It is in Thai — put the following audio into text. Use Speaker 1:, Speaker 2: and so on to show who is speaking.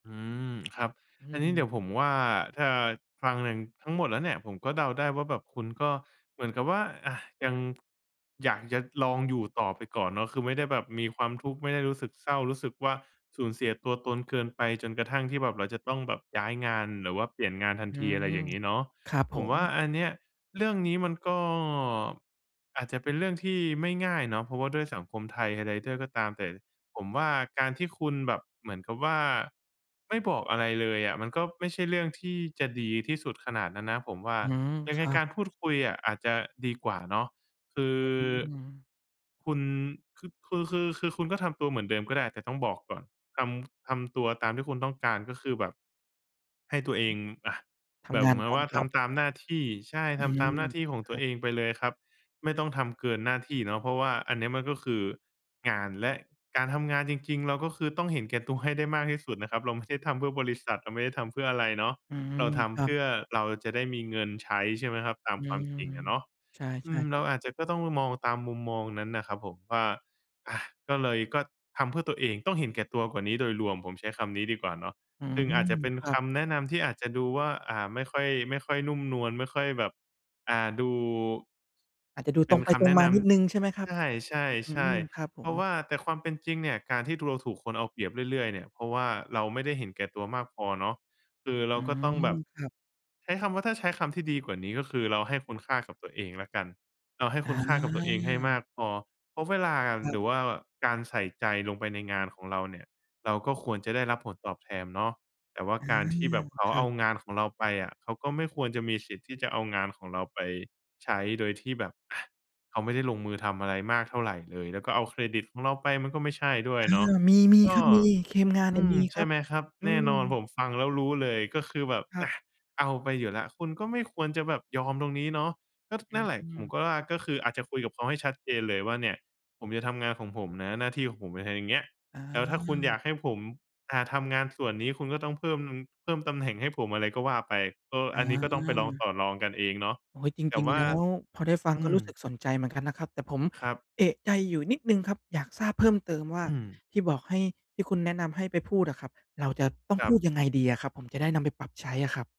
Speaker 1: อืม ครับ
Speaker 2: อื
Speaker 1: อันนี้เดี๋
Speaker 2: ม
Speaker 1: ยวผมว่า ถ้าฟังหนึ่งทั้งหมดแล้วเนี่ย ผมก็เดาได้ว่าแบบคุณก็เหมือนกับว่า อะ ยังอยากจะลองอยู่ต่อไปก่อนเนาะ คือไม่ได้แบบมีความทุกข์ ไม่ได้รู้สึกเศร้า รู้สึกว่าสูญเสียตัวตนเกินไป จนกระทั่งที่แบบเราจะต้องแบบย้ายงานหรือว่าเปลี่ยนงานทัน
Speaker 2: อื
Speaker 1: ที อะไรอย่
Speaker 2: ม
Speaker 1: างงี้เนาะ
Speaker 2: ครับผ
Speaker 1: ผมว
Speaker 2: ม
Speaker 1: ่าอันเนี้ย เรื่องนี้มันก็อาจจะเป็นเรื่องที่ไม่ง่ายเนาะ เพราะว่าด้วยสังคมไทยใด ๆ ด้วยก็ตามแต่ ผมว่าการที่คุณแบบเหมือนกับว่า ไม่บอกอะไรเลยอะ มันก็ไม่ใช่เรื่องที่จะดีที่สุดขนาดนั้นนะ ผมว่า
Speaker 2: อืม
Speaker 1: ยั
Speaker 2: ค
Speaker 1: งไง
Speaker 2: รั
Speaker 1: ก
Speaker 2: บ
Speaker 1: ารพูดคุยอะ อาจจะดีกว่าเนาะ คือ
Speaker 2: อืม
Speaker 1: คุณ คึ คือ คือ คือคุณก็ทำตัวเหมือนเดิมก็ได้ แต่ต้องบอกก่อน ทำ ทำตัวตามที่คุณต้องการ ก็คือแบบให้ตัวเอง อะ
Speaker 2: ท
Speaker 1: แบ
Speaker 2: ำ
Speaker 1: บ
Speaker 2: งา
Speaker 1: เ
Speaker 2: น
Speaker 1: หมือน
Speaker 2: ต
Speaker 1: กั
Speaker 2: า
Speaker 1: บ
Speaker 2: ม
Speaker 1: ว่า
Speaker 2: จ
Speaker 1: ท
Speaker 2: ็อบ
Speaker 1: ำตามหน้าที่ ใช่
Speaker 2: อ
Speaker 1: ท
Speaker 2: ื
Speaker 1: ำตา
Speaker 2: ม
Speaker 1: มหน้าที่ของ
Speaker 2: ค
Speaker 1: ตั
Speaker 2: ร
Speaker 1: ว
Speaker 2: ับ
Speaker 1: เองไปเลยครับ ไม่ต้องทำเกินหน้าที่เนาะ เพราะว่าอันนี้มันคืองาน และการทำงานจริง ๆ เราก็คือต้องเห็นแก่ ตัว ให้ได้มากที่สุดนะครับ เราไม่ได้ทำเพื่อบริษัท เราไม่ได้ทำเพื่ออะไรเนาะ
Speaker 2: อืม
Speaker 1: เราท
Speaker 2: ค
Speaker 1: ำ
Speaker 2: ร
Speaker 1: เ
Speaker 2: ั
Speaker 1: พ
Speaker 2: บ
Speaker 1: ื่อเราจะได้มีเงินใช้ ใช่ไหมครับ ตาม
Speaker 2: อื
Speaker 1: ความ
Speaker 2: ม
Speaker 1: จริงอะเนาะ
Speaker 2: ใช่
Speaker 1: อืม
Speaker 2: ๆ ค
Speaker 1: เร
Speaker 2: รั
Speaker 1: า
Speaker 2: บ
Speaker 1: อาจจะก็ต้องมองตามมุมมองนั้นน่ะครับผมว่า อะ ก็เลยก็ทำเพื่อตัวเอง ต้องเห็นแก่ตัวกว่านี้โดยรวม ผมใช้คำนี้ดีกว่าเนาะ
Speaker 2: อื
Speaker 1: ซ
Speaker 2: ม
Speaker 1: ึ่งอาจจะเป็น
Speaker 2: ครั
Speaker 1: ค
Speaker 2: บ
Speaker 1: ำแนะนำที่อาจจะดูว่า อ่า ไม่ค่อย ไม่ค่อยนุ่มนวล ไม่ค่อยแบบ อ่า ดู
Speaker 2: อาจจะดู
Speaker 1: เป
Speaker 2: ต
Speaker 1: ็
Speaker 2: ร
Speaker 1: น
Speaker 2: งไป
Speaker 1: ค
Speaker 2: ตร
Speaker 1: ำแ
Speaker 2: ง
Speaker 1: นะ
Speaker 2: มา
Speaker 1: น
Speaker 2: นิดหนึ่งใช่ไหมคร
Speaker 1: ำ
Speaker 2: ั
Speaker 1: ใ
Speaker 2: บ?
Speaker 1: ช
Speaker 2: อื
Speaker 1: ่
Speaker 2: ม ค
Speaker 1: ๆ
Speaker 2: รับผ
Speaker 1: ๆ เพราะว
Speaker 2: ม
Speaker 1: ่า แต่ความเป็นจริงเนี่ย การที่ตัวเราถูกคนเอาเปรียบเรื่อย ๆ เนี่ย เพราะว่าเราไม่ได้เห็นแก่ตัวมากพอเนาะ คือเร
Speaker 2: อื
Speaker 1: าก็ต้อง
Speaker 2: ม
Speaker 1: แบบ
Speaker 2: ครับ
Speaker 1: ใช้คำว่า ถ้าใช้คำที่ดีกว่านี้ ก็คือเราให้คุณค่ากับตัวเองแล้วกัน เราให้
Speaker 2: อ
Speaker 1: คุณค่ากับตัวเองให้ม
Speaker 2: า
Speaker 1: ากพอ เพราะเวลา
Speaker 2: ครั
Speaker 1: หร
Speaker 2: บ
Speaker 1: ือว่าการใส่ใจลงไปในงานของเราเนี่ย เราก็ควรจะได้รับผลตอบแทนเนาะ แต่ว่า
Speaker 2: อา
Speaker 1: การที่แบบเขา
Speaker 2: ครั
Speaker 1: เอา
Speaker 2: บ
Speaker 1: งานของเราไปอะ เขาก็ไม่ควรจะมีสิทธิ์ที่จะเอางานของเราไปใช้ โดยที่แบบ อะ เขาไม่ได้ลงมือทำอะไรมากเท่าไรเลย แล้วก็เอาเครดิตของเราไป มันก็ไม่ใช่ด้ว
Speaker 2: อ
Speaker 1: ย
Speaker 2: า
Speaker 1: เนาะ
Speaker 2: มี
Speaker 1: ก
Speaker 2: ๆ ค
Speaker 1: ็
Speaker 2: รับ มี คีมงานเ
Speaker 1: อ
Speaker 2: นี่
Speaker 1: ื
Speaker 2: ย
Speaker 1: ม
Speaker 2: มี
Speaker 1: ใ
Speaker 2: ค
Speaker 1: ช
Speaker 2: ร
Speaker 1: ่
Speaker 2: ับ
Speaker 1: ไหมครับ?
Speaker 2: อื
Speaker 1: แน่นอน
Speaker 2: ม
Speaker 1: ผมฟังแล้วรู้เลย ก็คือแบบ
Speaker 2: คร
Speaker 1: อ
Speaker 2: ับ
Speaker 1: ะ เอาไปอยู่แล้ว คุณก็ไม่ควรจะแบบยอมตรงนี้เนาะ ก็ ท
Speaker 2: อ
Speaker 1: นั่นแหละ
Speaker 2: ื
Speaker 1: ผม
Speaker 2: ม
Speaker 1: ก็ว่า ก็คืออาจจะคุยกับเขาให้ชัดเจนเลยว่า "เนี่ย ผมจะทำงานของผมนะ หน้าที่ของผม อะไร อย่างเงี้ย
Speaker 2: อ
Speaker 1: แล้วถ้าคุณอ
Speaker 2: า
Speaker 1: ยากให้ผม อ่า ทำงานส่วนนี้คุณก็ต้องเพิ่มงึม เพิ่มตำแหน่งให้ผม" อะไรก็ว่าไป เออ
Speaker 2: อ
Speaker 1: อันนี้ก็ต้องไปลองต
Speaker 2: า
Speaker 1: ่อรองกันเองเนาะ
Speaker 2: โอ๊ย จ
Speaker 1: แต่
Speaker 2: ริง
Speaker 1: ว
Speaker 2: ๆ
Speaker 1: ่
Speaker 2: แ
Speaker 1: า
Speaker 2: ล้วพอได้ฟัง
Speaker 1: อื
Speaker 2: ก็ร
Speaker 1: ม
Speaker 2: ู้สึกสนใจเหมือนกันนะครับ แต่ผม
Speaker 1: ครับ
Speaker 2: เอะใจอยู่นิดหนึ่งครับ อยากทราบเพิ่มเติมว่า
Speaker 1: อืม
Speaker 2: ที่บอกให้ ที่คุณแนะนำให้ไปพูดอะครับ เราจะต้อง
Speaker 1: คร
Speaker 2: พ
Speaker 1: ั
Speaker 2: ูด
Speaker 1: บ
Speaker 2: ยังไงดีอะครับ? ผมจะได้นำไปปรับใช้อะครับ